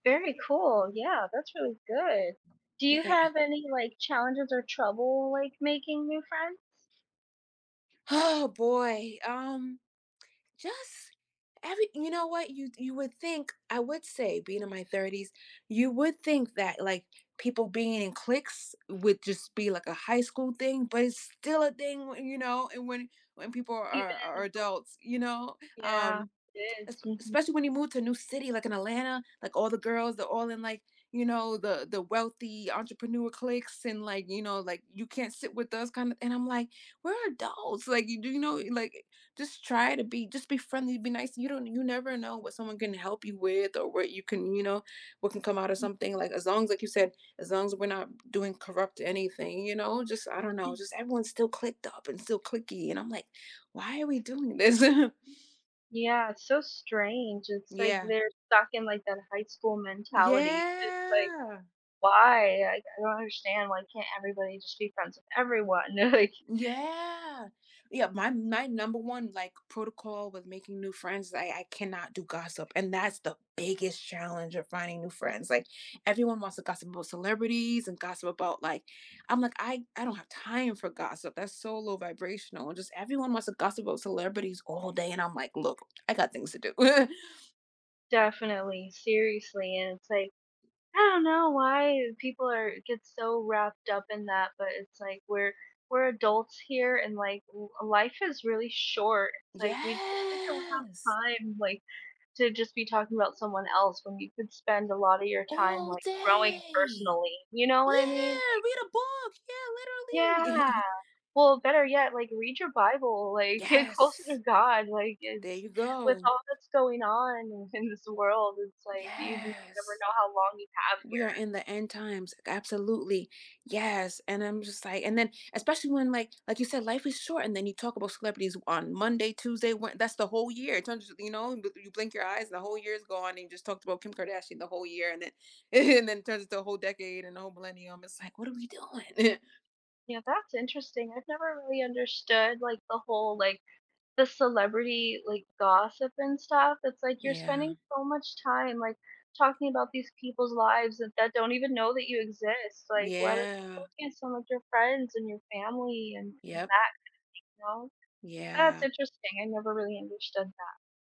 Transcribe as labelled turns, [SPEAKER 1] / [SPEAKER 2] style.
[SPEAKER 1] Very cool. Yeah, that's really good. Do you
[SPEAKER 2] Yeah.
[SPEAKER 1] have any, like, challenges or trouble, like, making new friends?
[SPEAKER 2] Oh, boy, um, just every you know what, you you would think I would say being in my 30s, you would think that, like, people being in cliques would just be, like, a high school thing, but it's still a thing, you know, and when when people are
[SPEAKER 1] Even as
[SPEAKER 2] are
[SPEAKER 1] adults
[SPEAKER 2] adults, you know,
[SPEAKER 1] Yeah,
[SPEAKER 2] um
[SPEAKER 1] it is. Mhm.
[SPEAKER 2] especially when you move to a new city, like, in Atlanta, like, all the girls, they're all in, like, you know, the the wealthy entrepreneur cliques and, like, you know, like, you can't sit with us kinda and I'm, like, we're adults, like, you do, you know, like, just try to be just be friendly, be nice. You don't, you never know what someone can help you with or what you can, you know, what can come out of something, like, as long as, like you said, as long as we're not doing corrupt anything, you know, just, I don't know,
[SPEAKER 1] Mm.
[SPEAKER 2] just everyone's still clicked up and still clicky, and I'm, like, why are we doing this?
[SPEAKER 1] Yeah, it's so strange. It's like
[SPEAKER 2] Yeah.
[SPEAKER 1] they're stuck in, like, that high school mentality. It's like,
[SPEAKER 2] Yeah.
[SPEAKER 1] why? Like, I don't understand why can't everybody just be friends with everyone. They're, like
[SPEAKER 2] Yeah, yeah, my my number one, like, protocol with making new friends is I I cannot do gossip, and that's the biggest challenge of finding new friends. Like, everyone wants to gossip about celebrities and gossip about, like I'm, like, I I don't have time for gossip. That's so low vibrational, and just everyone wants to gossip about celebrities all day and I'm, like, look, I got things to do.
[SPEAKER 1] Definitely, seriously, and it's, like, I don't know why people are get so wrapped up in that, but it's like, we're we're adults here and, like, life is really short. It's like, we we don't have
[SPEAKER 2] Yes.
[SPEAKER 1] time, like, to just be talking about someone else when you could spend a lotta your time,
[SPEAKER 2] All
[SPEAKER 1] like, growing
[SPEAKER 2] day.
[SPEAKER 1] personally, you know what I mean?
[SPEAKER 2] Yeah,
[SPEAKER 1] Like
[SPEAKER 2] read a book yeah,
[SPEAKER 1] Yeah,
[SPEAKER 2] literally.
[SPEAKER 1] well, better yet, like read your Bible, like, get closer to
[SPEAKER 2] Yes.
[SPEAKER 1] God. Like
[SPEAKER 2] There
[SPEAKER 1] it's
[SPEAKER 2] you
[SPEAKER 1] with
[SPEAKER 2] go.
[SPEAKER 1] all that's going on in this world, it's like you
[SPEAKER 2] Yes.
[SPEAKER 1] never know how long you have
[SPEAKER 2] We are
[SPEAKER 1] here.
[SPEAKER 2] in the end times, absolutely, yes, and I'm just, like and then, especially when, like like you said, life is short and then you talk about celebrities on Monday, Tuesday, We that's the whole year, it turns, you know, you blink your eyes and the whole year is gone and you just talked about Kim Kardashian the whole year and then and then it turns into a whole decade and the whole millennium, it's, like, what are we doing?
[SPEAKER 1] Yeah, that's interesting. I've never really understood, like, the whole, like, the celebrity, like, gossip and stuff. It's, like, you're
[SPEAKER 2] Yeah.
[SPEAKER 1] spending so much time, like, talking about these people's lives that that don't even know that you exist. Like, why don't
[SPEAKER 2] Yeah.
[SPEAKER 1] focus on, like, your friends and your family and that kind
[SPEAKER 2] Yep.
[SPEAKER 1] of thing, you know. That's
[SPEAKER 2] Yeah.
[SPEAKER 1] interesting. I never really understood that.